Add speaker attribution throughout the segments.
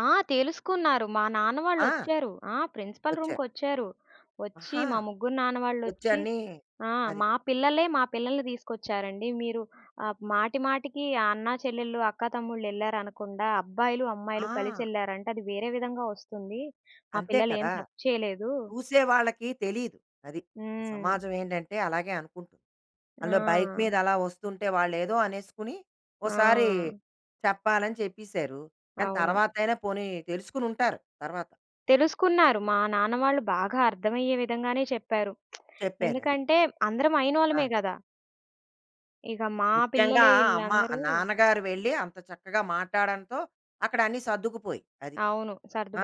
Speaker 1: ఆ! తెలుసుకున్నారు. మా నాన్న
Speaker 2: ఆ!
Speaker 1: వాళ్ళొచ్చారు. ఆ! ప్రిన్సిపల్
Speaker 2: వచ్చారు.
Speaker 1: రూమ్‌కొచ్చారు. ఒచ్చి,
Speaker 2: ఆహా!
Speaker 1: మా ముగ్గురు నాన్న వాళ్ళొచ్చి,
Speaker 2: వచ్చన్నీ
Speaker 1: ఆహ్,
Speaker 2: అది.
Speaker 1: "మా పిల్లలే, మా పిల్లల్ని తీసుకొచ్చారండి. మీరు ఆహ్ మాటి మాటికి, అన్నా చెల్లెల్లు, అక్కా తమ్ముళ్ళు, ఎళ్లారనకుండా, అబ్బాయిలు, అమ్మాయిలు
Speaker 2: ఆ!
Speaker 1: కలిసెళ్లారంటే, అది వేరే విధంగా ఒస్తుంది. మా
Speaker 2: అంతే
Speaker 1: పిల్లలేం
Speaker 2: కదా!
Speaker 1: తప్పు చేయలేదూ"
Speaker 2: చూసేవాళ్ళకి తెలీదు. అది.
Speaker 1: హ్మ్.
Speaker 2: సమాజం ఏంటంటే, అలాగే అనుకుంటుంది. అందులో బైకు
Speaker 1: ఆ!
Speaker 2: మీద అలా ఒస్తుంటే, వాళ్ళేదో అనేసుకుని ఒసారి
Speaker 1: ఆ!
Speaker 2: చెప్పాలని చెప్పిసారు. కానీ,
Speaker 1: అవును.
Speaker 2: తరవాతయినా పోనీ తెలుసుకొనుంటారు తర్వాత.
Speaker 1: తెలుసుకున్నారు. మా నాన్న వాళ్ళు బాగా అర్థమయ్యే విధంగానే చెప్పారు.
Speaker 2: చెప్పారది.
Speaker 1: ఎందుకంటే, అందరం అయినోళ్ళమే
Speaker 2: ఆ!
Speaker 1: గదా! ఇక మా
Speaker 2: ముఖ్యంగా
Speaker 1: పిల్లలే
Speaker 2: అమ్మ
Speaker 1: ఈళ్ళందరూ
Speaker 2: నాన్నగారు వెళ్ళి, అంత చక్కగా మాట్టాడంతో, అక్కడ అన్నీ సర్దుకుపోయి. అది.
Speaker 1: అవును.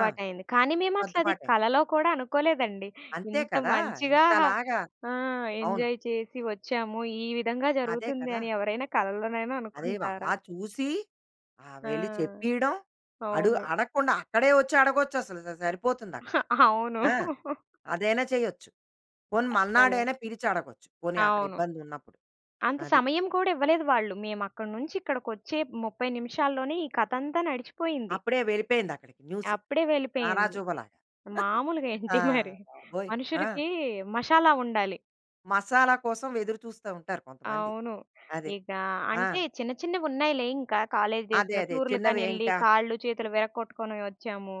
Speaker 2: ఆ!
Speaker 1: కానీ మేమట్లది
Speaker 2: సద్దుపాటయింది.
Speaker 1: కలలో కూడా అనుకోలేదండి.
Speaker 2: అంతే
Speaker 1: ఇంత
Speaker 2: కదా!
Speaker 1: మంచిగా
Speaker 2: ఇంతలాగా
Speaker 1: ఆ!
Speaker 2: అవును.
Speaker 1: ఎంజాయ్ చేసి వచ్చాము, ఈ విధంగా
Speaker 2: అదే కదా!
Speaker 1: జరుగుతుందని, ఎవరైనా కలలోనైనా
Speaker 2: అదే వ
Speaker 1: అనుకుంటారా?
Speaker 2: అలా చూసి, ఆహ్,
Speaker 1: ఆ!
Speaker 2: వెళ్ళి చెప్పియడం, అడు
Speaker 1: అవును.
Speaker 2: అడగకుండా, అక్కడే ఒచ్చడగొచ్చసలు స స సరిపోతుందక్కడ.
Speaker 1: అవును.
Speaker 2: ఆ! అదైనా చెయ్యొచ్చు. పోనీ
Speaker 1: అస్సల!
Speaker 2: మర్నాడయినా పిలిచడగొచ్చు. పోనీ
Speaker 1: అవును.
Speaker 2: అక్కడిబ్బందున్నప్పుడు.
Speaker 1: అంత
Speaker 2: అది.
Speaker 1: సమయం కూడా ఇవ్వలేదు వాళ్ళు. మేమక్కడి నుంచి ఇక్కడికొచ్చే 30 నిమిషాల్లోనే, ఈ కథంతా నడిచిపోయింది.
Speaker 2: అప్పుడే వెళ్ళిపోయిందక్కడికి, న్యూసు.
Speaker 1: అప్పుడే వెళ్ళిపోయింది.
Speaker 2: తారాజువ్వలాగా.
Speaker 1: మాములుగేంటి
Speaker 2: ఆహ్,
Speaker 1: మరి!
Speaker 2: బాబోయ్! ఆ!
Speaker 1: మనుషులకి మషాలా ఉండాలి!
Speaker 2: మసాలా కోసం ఎదురు చూస్తా ఉంటారు కొంతమంది.
Speaker 1: అవును.
Speaker 2: అదే.
Speaker 1: ఇక
Speaker 2: ఆ!
Speaker 1: అంటే చిన్న చిన్నవున్నాయిలే ఇంక కాలేజ్
Speaker 2: అదే.
Speaker 1: డేస్‌లో
Speaker 2: అదే. చిన్నవే
Speaker 1: టూరులకనెళ్ళి,
Speaker 2: ఇంకా.
Speaker 1: కాళ్ళు చేతులు విరకొట్టుకొని వచ్చాము.